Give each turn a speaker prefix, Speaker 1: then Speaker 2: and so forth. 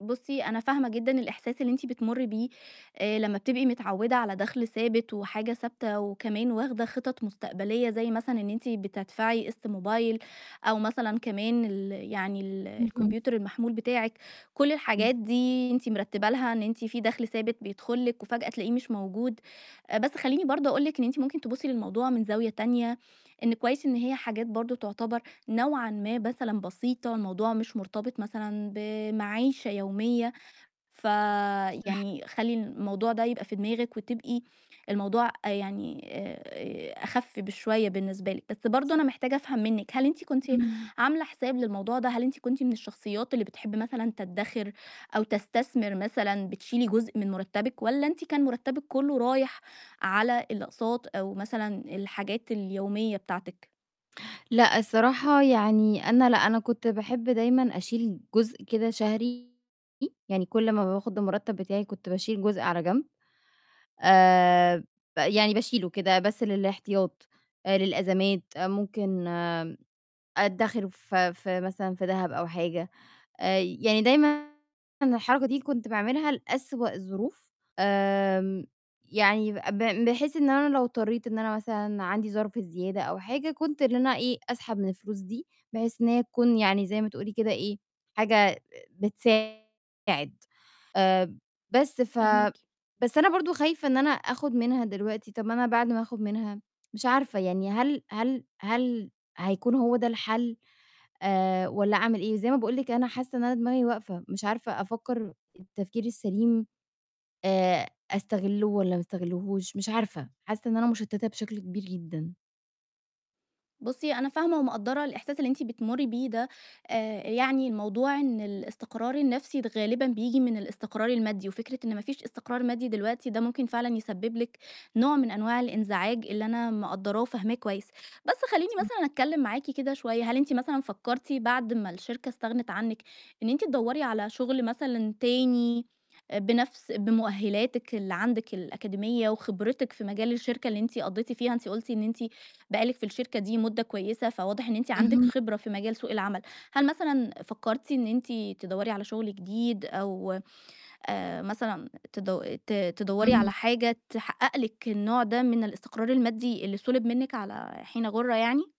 Speaker 1: بُصّي أنا فاهمة جدًا الإحساس اللي أنتِ بتمُري بيه آآ لمّا بتبقي متعوّدة على دَخل ثابت وحاجة ثابتة، وكمان واخدة خِطط مستقبلية زي مثلًا إن أنتِ بتدفعي قسط موبايل، أو مثلًا كمان ال يعني ال
Speaker 2: اهم.
Speaker 1: الكمبيوتر المحمول بتاعِك، كلّ
Speaker 2: [unintelligible]
Speaker 1: الحاجات دي أنتِ مِرتّبة لها إن أنتِ في دَخل ثابت بيدخل لِك وفجأة تلاقيه مش موجود، آآ بس خلّيني برضو أقول لِك إن أنتِ ممكن تبُصّي للموضوع من زاوية تانية، إن كويس إن هي حاجات برضه تعتبر نوعًا ما مثلًا بسيطة الموضوع مش مُرتبط مثلًا بمَعيشة يومية، ف
Speaker 2: صح.
Speaker 1: يعني خلّي الموضوع ده يبقى في دماغِك وتبقى الموضوع أ يعني آآ آآ أخف بشوية بالنسبة لِك، بس برضو أنا
Speaker 2: صح.
Speaker 1: محتاجة أفهم منِك هل أنتِ كنتِ
Speaker 2: إمم.
Speaker 1: عاملة حساب للموضوع ده؟ هل أنتِ كنتِ من الشخصيات اللي بتحب مثلًا تدَّخر أو تستثمر مثلًا بتشيلي جزء من مُرتّبِك؟ والّا أنتِ كان مُرتّبِك كلّه رايح على الأقساط أو مثلًا الحاجات اليومية بتاعتِك.
Speaker 2: لأ الصراحة يعني أنا لأ أنا كنت باحب دايمًا أشيل جزء كده شهري، يعني كلّ ما باخد المُرتب بتاعي كنت باشيل جزء على جنب، آآ ب يعني باشيلُه كده بس للاحتياط، آآ للأزمات آآ ممكن آمم أدَّخِرُه في في مثلًا في دهب أو حاجة، آآ يعني دايمًا الحركة دي اللي كُنت باعملها لأسوأ الظروف، آمم يعني ب ب بحيث إن أنا لو اضطريت إن أنا مثلًا عَندي ظرف زيادة أو حاجة كنت إن أنا إيه، أسحب من الفلوس دي، بحيث إن هي تكون يعني زي ما تقولي كده إيه، حاجة بتساعد، آآ بس ف
Speaker 1: فاهماكِ.
Speaker 2: بس أنا برضه خايفة إن أنا آخُد منها دلوقتي، طب ما أنا بعد ما آخُد منها مش عارفة، يعني هل هل هل هيكون هو ده الحل؟ آآ والّا أعمل إيه، زي ما باقول لِك أنا حاسّة إن أنا دماغي واقفة، مش عارفة أفكّر التفكير السليم، آآ أستغلُه والّا ما استغلّهوش مش عارفة، حاسّة إن أنا مشتّتة بشكل كبير جدًا.
Speaker 1: بُصّي أنا فاهمة ومقدّرة الإحساس اللي أنتِ بتمُري بيه ده، آآ يعني الموضوع إن الاستقرار النفْسي غالبًا بييجي من الاستقرار المادي، وفكرة إن ما فيش استقرار مادي دلوقتي ده ممكن فعلًا يسبب لِك نوع من أنواع الانزعاج اللي أنا مقدّراه وفاهماه كويس، بس خلّيني
Speaker 2: صح.
Speaker 1: مثلًا أتكلِّم معاكِ كده شوية، هل أنتِ مثلًا فكَّرتِ بعد ما الشركة استغنِت عنِك إن أنتِ تدوّري على شغل مثلًا تاني بنفْس بمؤهلاتِك اللي عندِك الأكاديمية وخبرتِك في مجال الشركة اللي أنتِ قضيتِ فيها أنتِ قُلتِ إن أنتِ بقى لِك في الشركة دي مُدة كويسة، فواضح إن أنتِ عندِك
Speaker 2: اهم.
Speaker 1: خبرة في مجال سوق العمل، هل مثلًا فكَّرتِ إن أنتِ تدوّري على شغل جديد أو آآ مثلًا تد ت تدوّري
Speaker 2: إمم.
Speaker 1: على حاجة تحقق لِك النوع ده من الاستقرار المادي اللي سُلِب منِك على حين غَُرة يعني؟